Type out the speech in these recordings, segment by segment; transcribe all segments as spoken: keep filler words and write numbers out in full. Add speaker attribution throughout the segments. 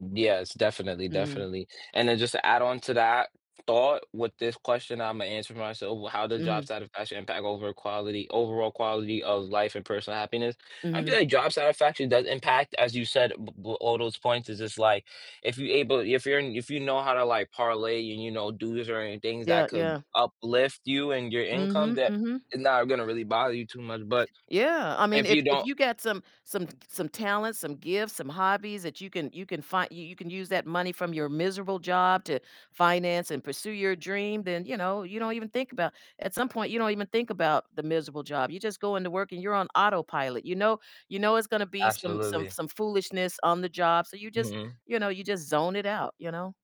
Speaker 1: Yes. Definitely,
Speaker 2: Mhm.
Speaker 1: definitely. And then just to add on to that thought with this question, Imma answer myself, well, how does job
Speaker 2: Mhm.
Speaker 1: satisfaction impact over quality overall quality of life and personal happiness? I feel
Speaker 2: Mhm.
Speaker 1: like job satisfaction does impact, as you said, b b all those points is just like, if you able if you're in if you know how to, like, parlay and, you know, do this or any things
Speaker 2: Yeah,
Speaker 1: that could
Speaker 2: yeah.
Speaker 1: uplift you and your income,
Speaker 2: Mhm,
Speaker 1: that
Speaker 2: mhm.
Speaker 1: is not gonna really bother you too much. But
Speaker 2: Yeah. I mean,
Speaker 1: if you
Speaker 2: if if
Speaker 1: don't
Speaker 2: you got some some t c some talents, some gifts, some hobbies that you can you can fin you you can use that money from your miserable job to finance and pursue your dream, then, you know, you don't even think about at some point, you don't even think about the miserable job. You just go into work and you're on autopilot, you know you know, it's gonna be some some
Speaker 1: Absolutely.
Speaker 2: some foolishness on the job, so you just,
Speaker 1: Mhm.
Speaker 2: you know, you just zone it out, you know.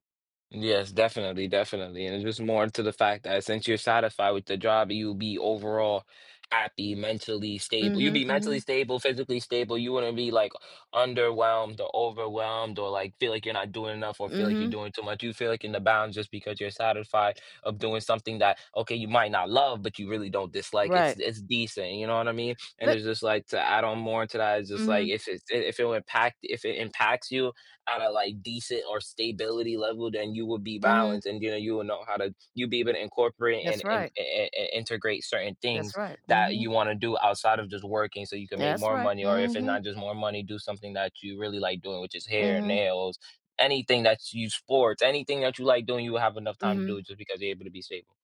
Speaker 1: Yes. Definitely, definitely, and it just more into the fact that since you're satisfied with the job, you'll be overall happy, mentally stable you'll
Speaker 2: Mhm,
Speaker 1: be mentally
Speaker 2: mhm.
Speaker 1: stable, physically stable, you wouldn't be, like, underwhelmed or overwhelmed or, like, feel like you're not doing enough or feel like you're
Speaker 2: Mhm.
Speaker 1: doing too much. You feel like in the bounds just because you're satisfied of doing something that, okay, you might not love, but you really don't dislike. It's
Speaker 2: Right.
Speaker 1: it's decent, you know what I mean? And
Speaker 2: Let
Speaker 1: it's just like to add on more to that, it's just like
Speaker 2: Mhm.
Speaker 1: if it's d if it will impact if it impacts you at a, like, decent or staybility level, then you would be
Speaker 2: Mhm.
Speaker 1: balanced and, you know, you will know how to you'll be able to incorporate and
Speaker 2: That's
Speaker 1: and,
Speaker 2: right.
Speaker 1: eh eh eh, integrate certain
Speaker 2: That's
Speaker 1: things
Speaker 2: right.
Speaker 1: that
Speaker 2: Mhm.
Speaker 1: you wanna do outside of just working so you can make
Speaker 2: That's
Speaker 1: more
Speaker 2: right.
Speaker 1: money, or if it
Speaker 2: Mhm.
Speaker 1: not just more money, do something that you really like doing, which is hair,
Speaker 2: Mhm.
Speaker 1: nails, anything that's you sports, anything that you like doing, you will have enough time to do
Speaker 2: Mhm.
Speaker 1: it just because you're able to be stable.